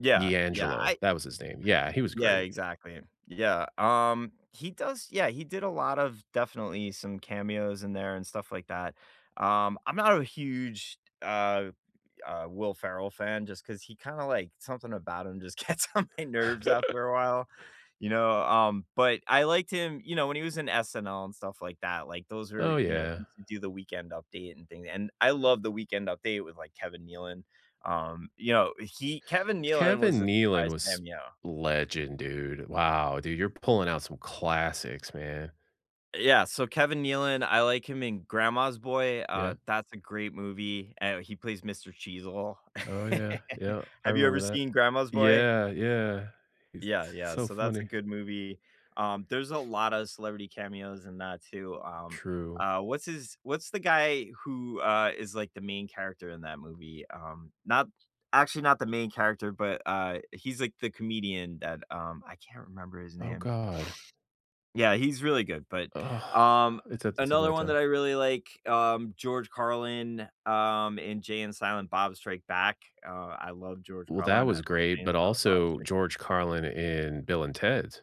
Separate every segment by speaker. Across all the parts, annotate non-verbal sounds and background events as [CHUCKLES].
Speaker 1: Yeah, yeah,
Speaker 2: D'Angelo,
Speaker 1: I
Speaker 2: that was his name, yeah, he was
Speaker 1: Yeah,
Speaker 2: great.
Speaker 1: exactly. Yeah, um, he does Yeah, he did a lot of definitely some cameos in there and stuff like that, um, I'm not a huge, t uh uh, Will Ferrell fan just 'cause he kinda like something about him just gets on my nerves
Speaker 2: [CHUCKLES]
Speaker 1: after a while, you know, um, but I liked him, you know, when he was in SNL and stuff like that, like, those are
Speaker 2: Oh,
Speaker 1: you know,
Speaker 2: yeah.
Speaker 1: he used to do the Weekend Update and thing and I love the Weekend Update with, like, Kevin Nealon, um, you know, he Kevin Nealon was
Speaker 2: Kevin
Speaker 1: a
Speaker 2: Nealon
Speaker 1: surprise
Speaker 2: was
Speaker 1: cameo.
Speaker 2: legend, dude. Wow, dude, you're pulling out some classics, man.
Speaker 1: Yeah, so Kevin Nealon, I like him in Grandma's Boy, uh,
Speaker 2: Yeah.
Speaker 1: that's a great movie, and he plays Mr. Cheezle.
Speaker 2: Oh, yeah,
Speaker 1: [CHUCKLES]
Speaker 2: yep, I
Speaker 1: Have you ever
Speaker 2: remember that.
Speaker 1: seen Grandma's Boy?
Speaker 2: Yeah, yeah, he's
Speaker 1: Yeah,
Speaker 2: s
Speaker 1: yeah,
Speaker 2: so
Speaker 1: so that's a
Speaker 2: funny.
Speaker 1: good movie, um, there's a lotta celebrity cameos in that too, um,
Speaker 2: True.
Speaker 1: uh, what's his what's the guy who, uh, is, like, the main character in that movie, um, not actually, not the main character, but, uh, he's, like, the comedian that, um I can't remember his
Speaker 2: Oh
Speaker 1: name.
Speaker 2: god.
Speaker 1: Yeah, he's really good, but,
Speaker 2: Ugh,
Speaker 1: um,
Speaker 2: it's at the tip of my
Speaker 1: another one that
Speaker 2: tongue.
Speaker 1: I really like, um, George Carlin, um, in Jay and Silent Bob Strike Back, uh, I love George
Speaker 2: Well, that
Speaker 1: Carlin, I
Speaker 2: was
Speaker 1: love
Speaker 2: great,
Speaker 1: Jay
Speaker 2: but
Speaker 1: and Silent Bob
Speaker 2: also
Speaker 1: Strike Back
Speaker 2: George Carlin in Bill and Ted's.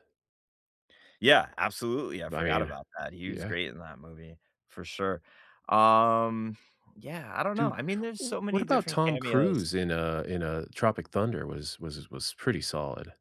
Speaker 1: Yeah, absolutely, I
Speaker 2: I
Speaker 1: forgot
Speaker 2: mean,
Speaker 1: about that, he was
Speaker 2: yeah.
Speaker 1: great in that movie, for sure, um, yeah, I don't know,
Speaker 2: Dude,
Speaker 1: I mean, there's
Speaker 2: w
Speaker 1: so
Speaker 2: what
Speaker 1: many
Speaker 2: about
Speaker 1: different
Speaker 2: Tom Cruise
Speaker 1: cameos.
Speaker 2: in, uh in, uh, Tropic Thunder, was was was pretty solid.